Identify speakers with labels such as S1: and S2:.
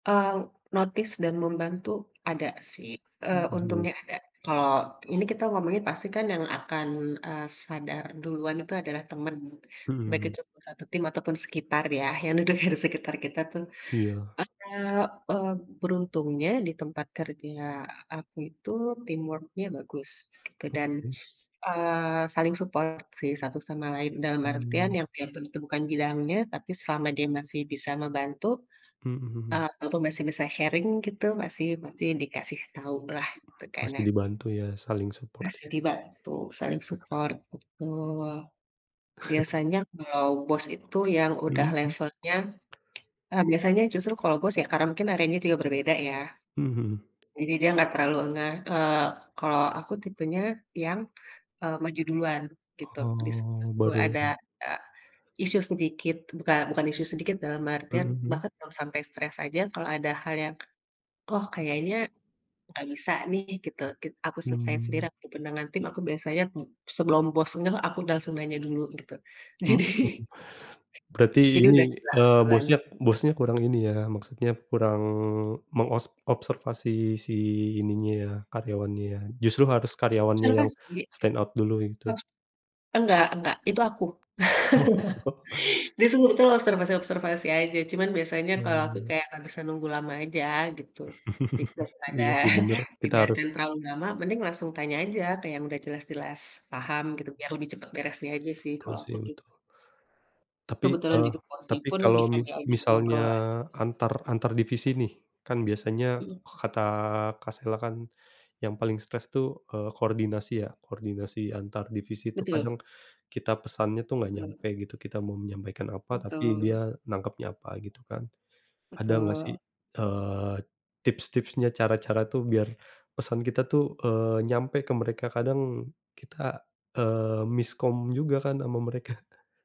S1: Eee, notice dan membantu ada sih, eee,
S2: Mhm.
S1: untungnya ada. Kalau ini kita ngomongin pasti kan yang akan, eee, sadar duluan itu adalah teman, baik
S2: Mhm.
S1: itu satu tim ataupun sekitar ya, yang de deger sekitar kita tuh.
S2: Iya.
S1: Eee eee, beruntungnya di tempat kerja aku itu teamwork-nya bagus dan,
S2: Oke.
S1: eee, saling support sih satu sama lain, dalam artian
S2: Mmm.
S1: yang yang tentu bukan bidangnya, tapi selama dia masih bisa membantu,
S2: Mhm.
S1: ataupun masih bisa sharing gitu, pasti pasti dikasih tahu lah gitu kan
S2: Masih
S1: ya.
S2: dibantu ya, saling support.
S1: Masih dibantu, saling support, betul. Biasanya kalau bos itu yang udah
S2: Mhm.
S1: levelnya eee, biasanya justru kalau bos ya karena mungkin areanya juga berbeda ya.
S2: Mhm.
S1: Jadi dia nggak terlalu ngeh, eee, kalau aku tipenya yang, eee, maju duluan gitu. Di
S2: Oh,
S1: situ
S2: baru?
S1: ada, eee, isu sedikit bukan bukan isu sedikit, dalam
S2: Mhm,
S1: artian
S2: mmm.
S1: bahkan kalau sampai stres aja kalau ada hal yang, oh kayaknya nggak bisa nih gitu, git aku selesaiin
S2: Mmm.
S1: sendiri, ataupun dengan tim, aku biasanya, mmm, sebelum bos dengar, aku langsung nanya dulu, gitu.
S2: Mhm,
S1: Jadi
S2: berarti
S1: jadi
S2: ini,
S1: udah jelas
S2: eee,
S1: duluan.
S2: bosnya bosnya kurang ini ya, maksudnya kurang mengos observasi si ininya, karyawannya. Justru harus karyawannya
S1: Sama
S2: yang
S1: sih.
S2: stand out dulu gitu.
S1: [unintelligible] Enggak enggak. Itu aku. Disuruh itu loh, observasi-observasi aja. Cuman biasanya kalau aku
S2: Oh.
S1: kayak nggak bisa nunggu lama aja gitu. Di daripada
S2: Iya sih bener, kita harus
S1: dibiarkan terlalu lama mending langsung tanya aja ke yang udah jelas-jelas paham gitu, biar lebih cepet beresnya aja sih,
S2: Tul
S1: kalau aku
S2: sih,
S1: gitu.
S2: betul. Tapi,
S1: Kebetulan
S2: eee,
S1: juga Bosnya
S2: tapi
S1: pun
S2: kalau
S1: bisa
S2: mi
S1: diajak
S2: misalnya
S1: ngobrol lah.
S2: antar antar divisi nih, kan biasanya
S1: Mhm.
S2: kata Kak Sela kan, yang paling stres tuh, eee, koordinasi ya, koordinasi antar divisi itu
S1: Betul.
S2: kadang kita pesannya tuh nggak nyampe
S1: Betul.
S2: gitu. Kita mau menyampaikan apa, tapi
S1: Betul.
S2: dia nangkapnya apa, gitu kan. Ada gak sih,
S1: Betul.
S2: eee, tips-tipsnya, cara-cara tuh biar pesan kita tuh, eee, nyampe ke mereka? Kadang kita, eee, miskom juga kan sama mereka.